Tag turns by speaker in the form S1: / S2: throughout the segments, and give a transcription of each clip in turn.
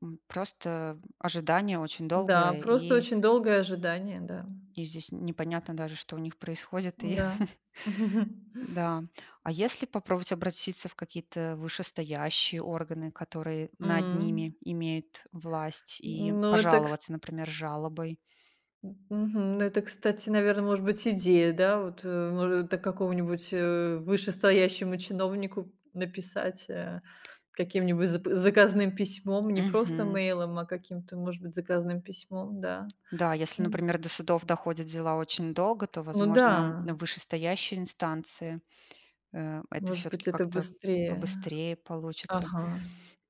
S1: М. Просто, м, ожидание очень
S2: Да,
S1: долгое
S2: просто
S1: и
S2: очень долгое ожидание, да.
S1: и здесь н непонятно даже, что у них происходит и
S2: Да.
S1: Да. А если попробовать обратиться в какие-то вышестоящие органы, которые над ними
S2: М.
S1: имеют власть и
S2: Ну это, кс
S1: пожаловаться, например, жалобой?
S2: М, мгм. Ну это, кстати, наверно, может быть идея, да вот, э, мо до какого-нибудь, э, вышестоящему чиновнику написать, э. Каким-нибудь за заказным письмом, не просто
S1: Мгм.
S2: мейлом, а каким-то, может быть, заказным письмом, да.
S1: Да, если,
S2: М.
S1: например, до судов доходят дела очень долго, то,
S2: Ну
S1: возможно,
S2: да.
S1: в вышестоящие инстанции, э, это
S2: Может
S1: всё-таки
S2: быть, это
S1: как-то
S2: быстрее.
S1: побыстрее получится.
S2: Ага.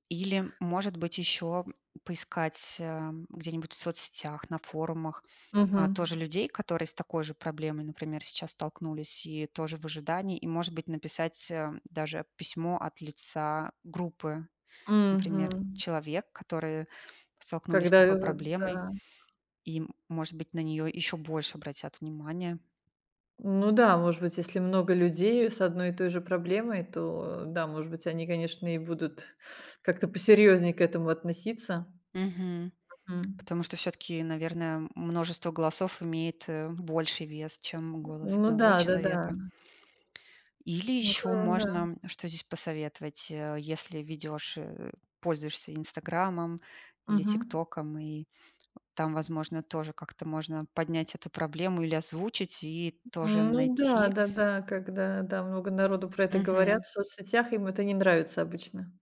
S1: Или, может быть, ещё поискать, эм, где-нибудь в соцсетях, на форумах, а, тоже
S2: Мгм.
S1: людей, которые с такой же проблемой, например, сейчас столкнулись и тоже в ожидании, и, может быть, написать, эм, даже письмо от лица группы, например,
S2: Мгм.
S1: человек, которые столкнулись с
S2: Когда,
S1: такой
S2: этот
S1: проблемой,
S2: Да.
S1: и, может быть, на неё ещё больше обратят внимания.
S2: Ну да, может быть, если много людей, э, с одной и той же проблемой, то да. Может быть, они, конечно, и будут как-то посерьезнее к этому относиться.
S1: Мгм.
S2: М.
S1: Потому что всё-таки, наверно, м множество голосов имеет, э, больший вес, чем голос
S2: Ну
S1: 1
S2: да, да-да.
S1: человека. Или
S2: Ну х
S1: ещё
S2: да.
S1: можно, что здесь посоветовать, э, если ведёшь, э, пользуешься "Инстаграмом" или
S2: Мгм.
S1: "ТикТоком", и там, возможно, тоже как-то можно поднять эту проблему, или озвучить и тоже
S2: Ну да,
S1: найти
S2: да-да, когда да, много народу про это
S1: Мгм.
S2: говорят в соцсетях, им это не нравится обычно.